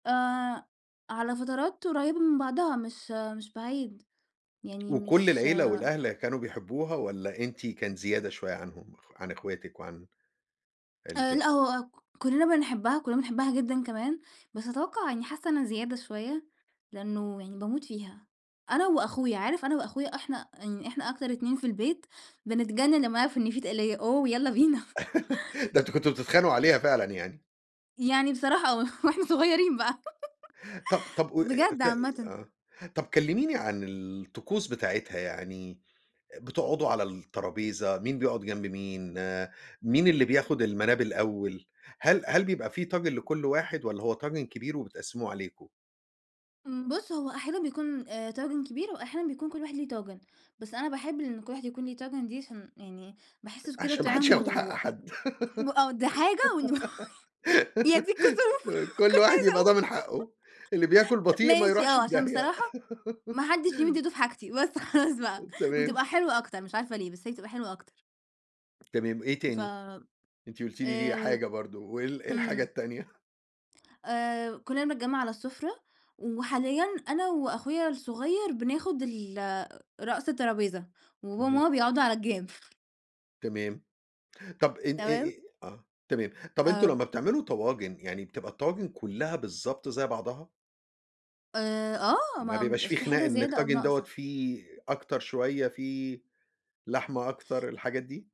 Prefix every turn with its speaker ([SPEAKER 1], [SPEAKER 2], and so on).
[SPEAKER 1] آآ على فترات قريّبة من بعضها، مش مش بعيد. يعني
[SPEAKER 2] وكل
[SPEAKER 1] مش
[SPEAKER 2] العيلة والأهل كانوا بيحبّوها والّا أنتِ كان زيادة شوية عنهم؟ خ عن إخواتك وعن
[SPEAKER 1] آآ
[SPEAKER 2] عيلتك؟
[SPEAKER 1] لأ، هو ك كُلّنا بنحبّها، كَلّنا بنحبّها جدًا كمان، بس أتوقَّع يعني حاسّة أنا زيادة شوية، لإنّه يعني باموت فيها. أنا وأخويا، عارف أنا وأخويا إحنا يعني إحنا أكتر اتنين في البيت بنتجنّن لمّا نعرف إن فيه تَقْلية، أوه، يالّا بينا.
[SPEAKER 2] ده أنتم كنتم بتتخانقوا عليها فعلًا يعني.
[SPEAKER 1] يعني بصراحة آه، وإحنا صغيرين بقى.
[SPEAKER 2] طَب طَب قو آآ
[SPEAKER 1] بجد
[SPEAKER 2] ف آآ
[SPEAKER 1] عامةً.
[SPEAKER 2] آه، طَب كلِّميني عن الطقوس بتاعتها، يعني آآ بتقعدوا على الترابيزة، مين بيقعد جنب مين، آآ مين اللي بياخُد المَناب الأول؟ هل هل بيبقى فيه طاجن لكل واحد والّا هو طاجن كبير وبتقسّموه عليكم؟
[SPEAKER 1] آمم بُص، هو أحيانًا بيكون آآ طاجن كبير وأحيانًا بيكون كل واحد ليه طاجن، بس أنا باحب إن كل واحد يكون ليه طاجن دي عشان يعني باحسّه س كده
[SPEAKER 2] عشان ما حدّش
[SPEAKER 1] طِعِم
[SPEAKER 2] ياخُد حق
[SPEAKER 1] وأ
[SPEAKER 2] حد.
[SPEAKER 1] م آه، ده حاجة، وإن م يا دي الكسوف،
[SPEAKER 2] ك
[SPEAKER 1] ما
[SPEAKER 2] كل
[SPEAKER 1] كنتش
[SPEAKER 2] واحد
[SPEAKER 1] عايزة
[SPEAKER 2] يبقى ضامن
[SPEAKER 1] أقول.
[SPEAKER 2] حقُّه، اللي بياكل بطيء ما
[SPEAKER 1] ماشي،
[SPEAKER 2] يروحش
[SPEAKER 1] آه،
[SPEAKER 2] في
[SPEAKER 1] عشان
[SPEAKER 2] داهية.
[SPEAKER 1] بصراحة ما حدّش يمِد إيده في حاجتي، بس خلاص بقى،
[SPEAKER 2] تمام.
[SPEAKER 1] وتبقى حلوة أكتر، مش عارفة ليه، بس هي بتبقى حلوة أكتر.
[SPEAKER 2] تمام، إيه
[SPEAKER 1] ف
[SPEAKER 2] تاني؟ أنتِ قُلتِ لي دي
[SPEAKER 1] آآ
[SPEAKER 2] حاجة برضه، وإيه ال إيه الحاجة
[SPEAKER 1] إمم.
[SPEAKER 2] التانية؟
[SPEAKER 1] آآ كُلّنا بنتجمَّع على السُفرة وحاليًا أنا وأخويا الصغير بناخُد ال آآ رأس الترابيزة، وبابا
[SPEAKER 2] اهم.
[SPEAKER 1] وماما بيقعدوا على الجَنب.
[SPEAKER 2] تمام. طَب إن إي
[SPEAKER 1] تمام؟
[SPEAKER 2] إيه آه. تمام. طَب أنتم
[SPEAKER 1] آمم
[SPEAKER 2] لمّا بتعملوا طواجن يعني بتبقى الطواجن كُلّها بالضبط زي بعضها؟
[SPEAKER 1] آآ آه،
[SPEAKER 2] ما
[SPEAKER 1] ما
[SPEAKER 2] بيبقاش فيه
[SPEAKER 1] بيبقاش في
[SPEAKER 2] خناق
[SPEAKER 1] حاجة
[SPEAKER 2] إن
[SPEAKER 1] زيادة أو
[SPEAKER 2] الطاجن دوّة
[SPEAKER 1] ناقصة.
[SPEAKER 2] فيه أكتر شوية، فيه لحمة أكتر، الحاجات دي؟